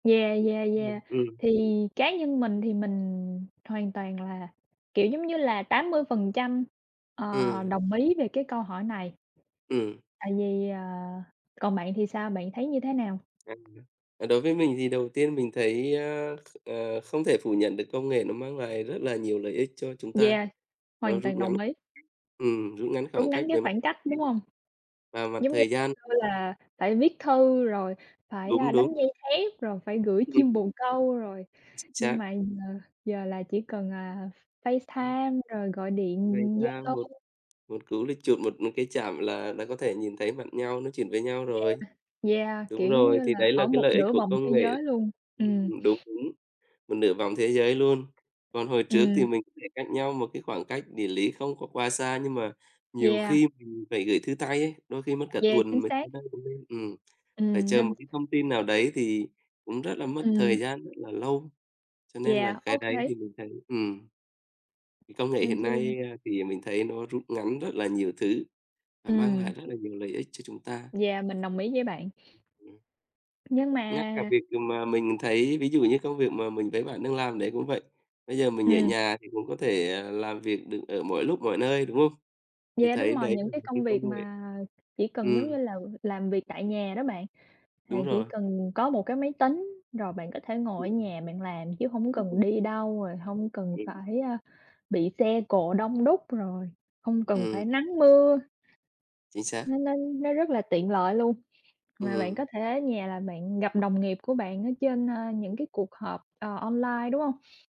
Yeah, yeah, yeah. Ừm, ừm. Thì cá nhân mình thì mình hoàn toàn là, kiểu, giống như là, 80%, ờ, Ừm. đồng ý về cái câu hỏi này. Ừm. Tại vì, ờ còn bạn thì sao? Bạn thấy như thế nào? À, à, đối với mình thì đầu tiên mình thấy, a, kh ờ, không thể phủ nhận được công nghệ nó mang lại rất là nhiều lợi ích cho chúng ta, Yeah, nó hoàn rút toàn ngắn đồng ý. ừm, rút ngắn Rút khoảng ngắn cách cái về mặt khoảng địa cách, đúng lý hông? và mặt Giống như thời gian. xưa là phải viết thư rồi phải, a, Đúng, đúng. đánh dây thép, rồi phải gửi chim Ừm. bồ câu rồi, Chính xác. nhưng mà giờ giờ là chỉ cần, à, F Ừm. Facetime rồi gọi điện Ngoài ra Zalo. một một cú click chuột, một một cái chạm là là có thể nhìn thấy mặt nhau, nói chuyện với nhau Yeah, rồi. yeah, Đúng kiểu, giống rồi, như thì là, đấy là ở cái một lợi ích nửa của vòng thế công nghệ giới luôn, ừm. ừm, đúng, đúng, một nửa vòng thế giới luôn. Còn hồi trước thì Ừm. mình thể cách nhau một cái khoảng cách địa lý không có quá xa, nhưng mà nhiều Yeah. khi mình phải gửi thư tay ấy, đôi khi mất cả Yeah, chính tuần mới tới xác! nơi cũng nên, ừm. Phải Ừm, chờ nên một cái thông tin nào đấy thì cũng rất là mất thời Ừm. gian, rất là lâu, cho nên là Yeah, cái đấy OK. thì mình thấy ừm, công nghệ Nên hiện chi là nay, a, thì mình thấy nó rút ngắn rất là nhiều thứ và mang Ừm. lại rất là nhiều lợi ích cho chúng ta. Yeah, mình đồng ý với bạn. Ừm. Nhưng mà Ngay cả việc, ùm, mà mình thấy ví dụ như công việc mà mình với bạn đang làm đấy cũng vậy. Bây giờ mình ở Ừm. nhà thì cũng có thể, à, làm việc được ở mọi lúc mọi nơi, đúng hông? Thì Yeah, thấy đúng rồi, đấy những là cái một công cái công việc nghệ mà chỉ cần, giống ừm. như là, ừ, làm việc tại nhà đó bạn. Thì Đúng chỉ rồi. cần có một cái máy tính rồi bạn có thể Ừm. ngồi ở nhà bạn làm chứ hổng cần đi [unintelligible] đâu, rồi hông cần Ừm. phải, a, bị xe cộ đông đúc, rồi hông cần Ừm. phải nắng mưa. Chính xác. Nó nó nó rất là tiện lợi luôn. Mà bạn Ừm. có thể ở nhà là bạn gặp đồng nghiệp của bạn ở trên, a, những cái cuộc họp, ờ, online, đúng hông?